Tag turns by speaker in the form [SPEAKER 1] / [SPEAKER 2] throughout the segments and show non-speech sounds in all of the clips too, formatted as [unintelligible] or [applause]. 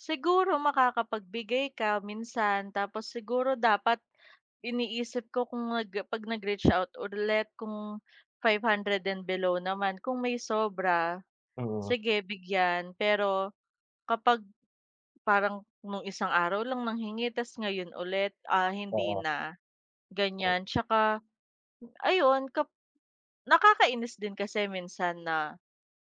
[SPEAKER 1] Siguro makakapagbigay ka minsan, tapos siguro dapat iniisip ko kung nag 'pag nag-reach out ulit kung 500 and below naman, kung may sobra,
[SPEAKER 2] Mm.
[SPEAKER 1] sige bigyan, pero kapag, parang nung isang araw lang nanghingi, ta's ngayon ulit, ah, hindi
[SPEAKER 2] Oo.
[SPEAKER 1] na,
[SPEAKER 2] M.
[SPEAKER 1] gan'yan. 'Tsaka, ayon kap nakakainis din kasi minsan na,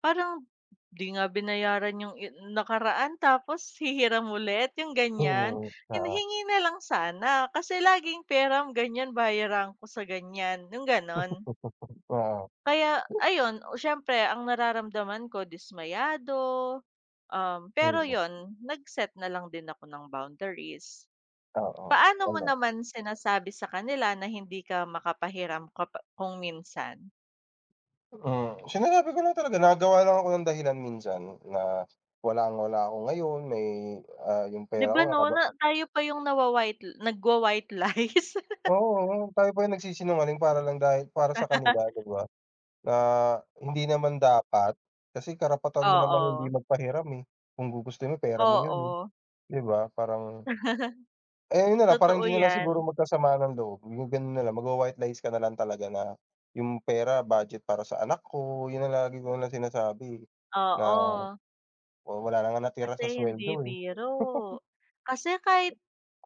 [SPEAKER 1] parang "'Di nga binayaran yung i nakaraan, tapos hihiram ulit." yung
[SPEAKER 2] Mm.
[SPEAKER 1] ganyan. Hin
[SPEAKER 2] Oo.
[SPEAKER 1] hingi na lang sana, kasi laging, "peram." gan'yan, "Bayaran ko sa gan'yan." yung ganon.
[SPEAKER 2] [laughs] Oo.
[SPEAKER 1] Kaya ayun, oh, s'yempre ang nararamdaman ko dismayado, um, pero
[SPEAKER 2] [unintelligible]
[SPEAKER 1] yun, nag set na lang din ako ng boundaries.
[SPEAKER 2] Oo.
[SPEAKER 1] Paano mo
[SPEAKER 2] Tama.
[SPEAKER 1] naman sinasabi sa kanila na hindi ka makapahiram kapa kung minsan?
[SPEAKER 2] Mm. Sinasabi ko lang talaga, nagawa lang ako ng dahilan minsan, na walang-wala ako ngayon may, ah, yung
[SPEAKER 1] 'Di
[SPEAKER 2] pera
[SPEAKER 1] ba
[SPEAKER 2] ko
[SPEAKER 1] 'no?
[SPEAKER 2] nakaba
[SPEAKER 1] Na tayo pa yung na wa-white nagwa-white lies. [laughs]
[SPEAKER 2] Oo, oo. Tayo pa yung nagsisinungaling para lang dahil para sa kanila, 'di
[SPEAKER 1] [laughs]
[SPEAKER 2] ba? Na hindi naman dapat, kasi karapatan mo namang hindi
[SPEAKER 1] Oo.
[SPEAKER 2] magpahiram, eh, kung gugustuhin mo, pera mo yun, eh,
[SPEAKER 1] Oo.
[SPEAKER 2] 'di ba? Parang Eh,
[SPEAKER 1] [chuckles]
[SPEAKER 2] yun na lang, para
[SPEAKER 1] Totoo
[SPEAKER 2] hindi nalang siguro
[SPEAKER 1] yan.
[SPEAKER 2] magkasamaan ng loob, yung ganun na lang, mag wa-white lies ka nalang talaga na, yung pera budget para sa anak ko, yun ang lagi ko lang sinasabi, eh, na
[SPEAKER 1] Oo.
[SPEAKER 2] oo, wala na ngang natira sa
[SPEAKER 1] Kasi hindi
[SPEAKER 2] sweldo, eh.
[SPEAKER 1] biro.
[SPEAKER 2] [chuckles]
[SPEAKER 1] Kasi kahit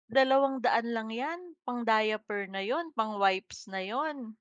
[SPEAKER 1] 200 lang yan, pang-diaper na yun, pang wipes na yun.